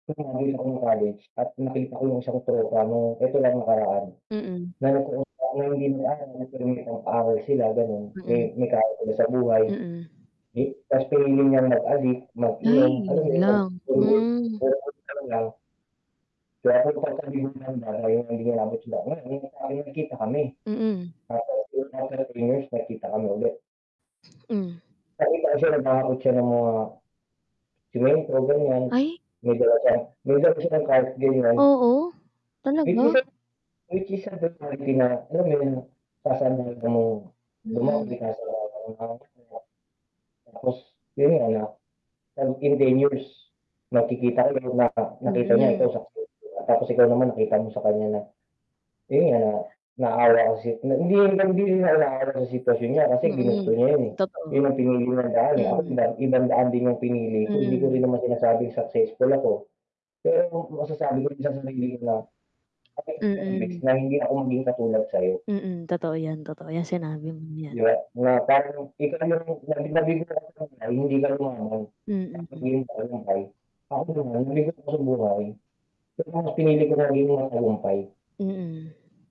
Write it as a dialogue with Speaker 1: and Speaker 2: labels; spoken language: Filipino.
Speaker 1: Tas no'ng nakita ko no'ng college at nakita ko 'yong isa kong tropa na ito lang nakaraan.
Speaker 2: Mm.
Speaker 1: [unintelligible] sila gano'n, may
Speaker 2: Mm.
Speaker 1: may kaya sila sa buhay.
Speaker 2: Mm.
Speaker 1: May tas pinili niyang mag-adik, mag-inom,
Speaker 2: Ay,
Speaker 1: alam
Speaker 2: 'yon
Speaker 1: mo 'yon, nag
Speaker 2: lang, hmm.
Speaker 1: [unintelligible] Kaya ako [unintelligible] nagkita kami.
Speaker 2: Mm.
Speaker 1: After after 3 years nagkita kami ulit.
Speaker 2: Mm.
Speaker 1: Nakita ko siya, naghahakot siya ng mga semento, ganiyan.
Speaker 2: Ay.
Speaker 1: May dala siyang may dala siya no'ng [unintelligible]
Speaker 2: Oo.
Speaker 1: Mahilig
Speaker 2: Talaga?
Speaker 1: siya sa mahilig [unintelligible] alam mo yo'n,
Speaker 2: Mm.
Speaker 1: [unintelligible] Tapos yo'n nga na, in 10 years, magkikita kayo na nakita niya ikaw
Speaker 2: Mhm.
Speaker 1: successful tapos ikaw naman nakita mo sa kaniya na, yo'n nga, naawa kasi hindi hindi naawa sa sitwasyon niya kasi ginusto
Speaker 2: Mm,
Speaker 1: niya yun, eh.
Speaker 2: totoo.
Speaker 1: 'Yon ang pinili niyang daan, eh, ako
Speaker 2: Mm.
Speaker 1: ibang ibang daan din 'yong pinili ko. Hindi ko
Speaker 2: Hmm.
Speaker 1: rin naman sinasabing successful ako. Pero masasabi ko sa sarili ko na,
Speaker 2: Mm.
Speaker 1: [unintelligible] na hindi ako maging katulad sa'yo.
Speaker 2: Mm, totoo yan, totoo 'yan sinabi mong
Speaker 1: 'Di
Speaker 2: 'yan.
Speaker 1: ba, na parang ikaw na 'yong [unintelligible] hindi ka
Speaker 2: Mm.
Speaker 1: [unintelligible] nabigo sa buhay. Pero mas pinili ko na maging matagumpay.
Speaker 2: Mm.